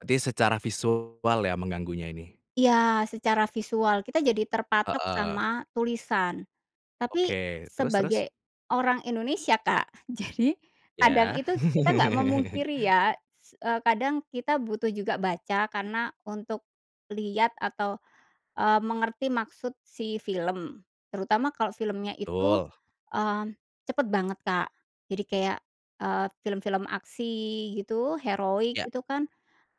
Berarti secara visual ya mengganggunya ini? Iya, secara visual kita jadi terpatok Heeh. sama tulisan. Tapi, Oke, terus terus? sebagai orang Indonesia, Kak, jadi kadang Ya. itu kita nggak memungkiri ya s kadang kita butuh juga baca karena untuk lihat atau, eee, mengerti maksud si film. Terutama kalau filmnya itu, Betul. mmm, cepet banget Kak, jadi kayak, eee, film-film aksi gitu, heroik Ya. itu kan,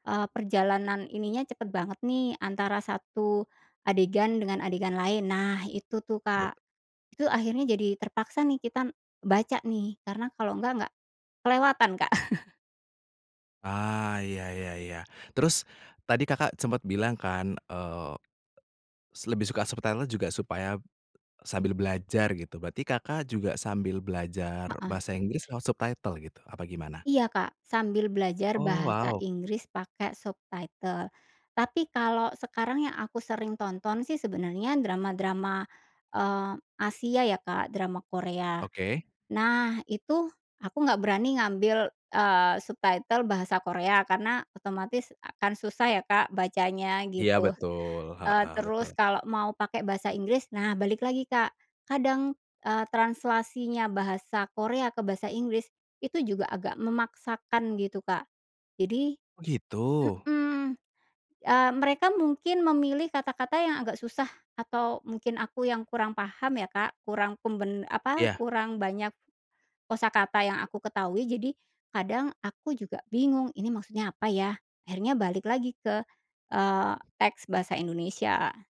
eee, perjalanan ininya cepat banget nih antara 1 adegan dengan adegan lain. Nah itu tuh, Bet Kak, itu akhirnya jadi terpaksa nih kita baca nih karena kalau enggak nggak kelewatan, Kak. Ah, iya iya iya. Terus tadi, Kakak, sempet bilang kan, eee, lebih suka subtitle juga supaya sambil belajar gitu, berarti, Kakak, juga sambil belajar Heeh. bahasa Inggris lewat subtitle gitu, apa gimana? Iya Kak, sambil belajar Oh, bahasa wow! Inggris pakai subtitle. Tapi kalau sekarang yang aku sering tonton sih sebenarnya drama-drama, eee, Asia ya Kak, drama Korea. Oke. Nah, itu aku nggak berani ngambil, eee, subtitle bahasa Korea karena otomatis akan susah ya, Kak, bacanya Iya gitu, betul, eee, heeh, terus betul. kalau mau pakai bahasa Inggris. Nah, balik lagi, Kak, kadang, eee, translasinya bahasa Korea ke bahasa Inggris itu juga agak memaksakan gitu, Kak, jadi Oh, gitu? mhm, eee, mereka mungkin memilih kata-kata yang agak susah atau mungkin aku yang kurang paham ya, Kak, kurang pembe apa, Ya. kurang banyak kosakata yang aku ketahui. Jadi kadang aku juga bingung ini maksudnya apa ya akhirnya balik lagi ke, eee, teks bahasa Indonesia.